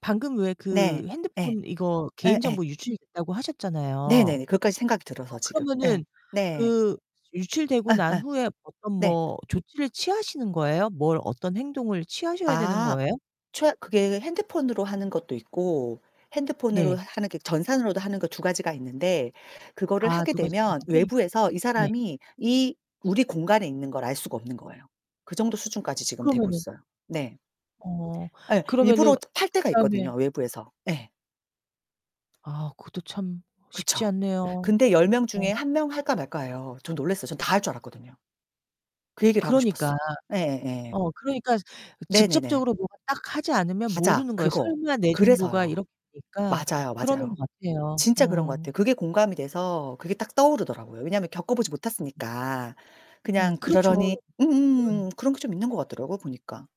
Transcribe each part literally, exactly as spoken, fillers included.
방금 왜 네. 그 예. 핸드폰 이거 에에. 개인정보 유출이 됐다고 하셨잖아요. 네네. 어, 그것까지 생각이 들어서 지금 예, 그러면은 네. 그 유출되고 난 예예. 후에 어떤 네. 뭐 조치를 취하시는 거예요? 뭘 어떤 행동을 취하셔야 되는 아. 거예요? 최 그게 핸드폰으로 하는 것도 있고 핸드폰으로 네. 하는 게 전산으로도 하는 거 두 가지가 있는데 그거를 아, 하게 두 가지 되면 방법이? 외부에서 이 네. 사람이 이 우리 공간에 있는 걸 알 수가 없는 거예요. 그 정도 수준까지 지금 되고 그러면은 있어요. 네. 어, 에, 그러면은 일부러 저 팔 때가 그다음에 있거든요, 외부에서. 예. 아, 그것도 참 쉽지 그쵸? 않네요. 근데 열 명 어. 중에 한 명 할까 말까예요. 전 놀랐어요. 전 다 할 줄 알았거든요. 그 얘기를 하고 그러니까. 싶었어. 예 예. 어, 그러니까 이 네네네. 직접적으로 뭔가 딱 하지 않으면 맞아, 모르는 거예요. 그거. '설마 내 정보가 그래서요. 이렇게 될까?' 맞아요, 그러는 맞아요. 거 같아요. 진짜 그런 것 어. 같아요. 그게 공감이 돼서 그게 딱 떠오르더라고요. 왜냐하면 겪어 보지 못했으니까. 음, 그냥 그러려니 그렇죠. 음음음음. 그런 게 좀 있는 것 같더라고요, 보니까.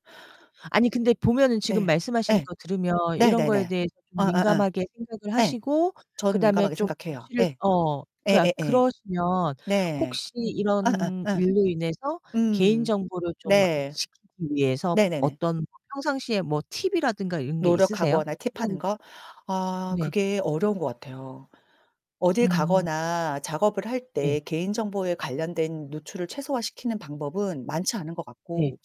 아니, 근데 보면은 지금 네. 말씀하시는 예. 거 들으면 이런 거에 네네네. 대해서 좀 어어어. 민감하게 생각을 예. 하시고 저는 그다음에 민감하게 좀 생각해요. 조치를 예. 어, 그러니까 예예예. 그러시면 네. 혹시 이런 예예예 일로 인해서 음. 개인정보를 좀 네. 지키기 위해서 네네네. 어떤 평상시에 뭐 팁이라든가 이런 게 있으세요? 노력하거나 팁하는 거? 아 네. 그게 어려운 것 같아요. 어딜 음음. 가거나 작업을 할 네. 때 개인정보에 관련된 노출을 최소화시키는 방법은 많지 않은 것 네. 같고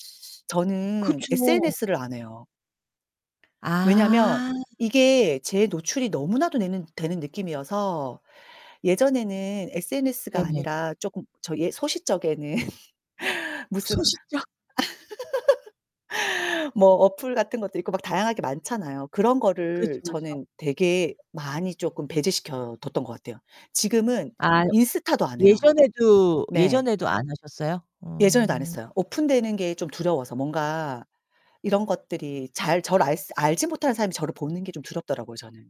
저는 그쵸. SNS를 안 해요. 왜냐하면 아. 이게 제 노출이 너무나도 되는 되는 느낌이어서 예전에는 SNS가 네네. 아니라 쪼끔 저기 예, 소싯적에는 무슨 소싯적. 뭐 어플 같은 것도 있고 막 다양하게 많잖아요. 그런 거를 그렇죠, 그렇죠. 저는 되게 많이 쪼끔 배제시켜 뒀던 것 같아요. 지금은 [unintelligible] 인스타도 안 해요. 예전에도, 네. 예전에도 안 하셨어요? 예전에도 안 음. 했어요. 오픈되는 게 좀 두려워서 뭔가 이런 것들이 잘 저를 알스 알지 못하는 사람이 저를 보는 게 좀 두렵더라고요, 저는.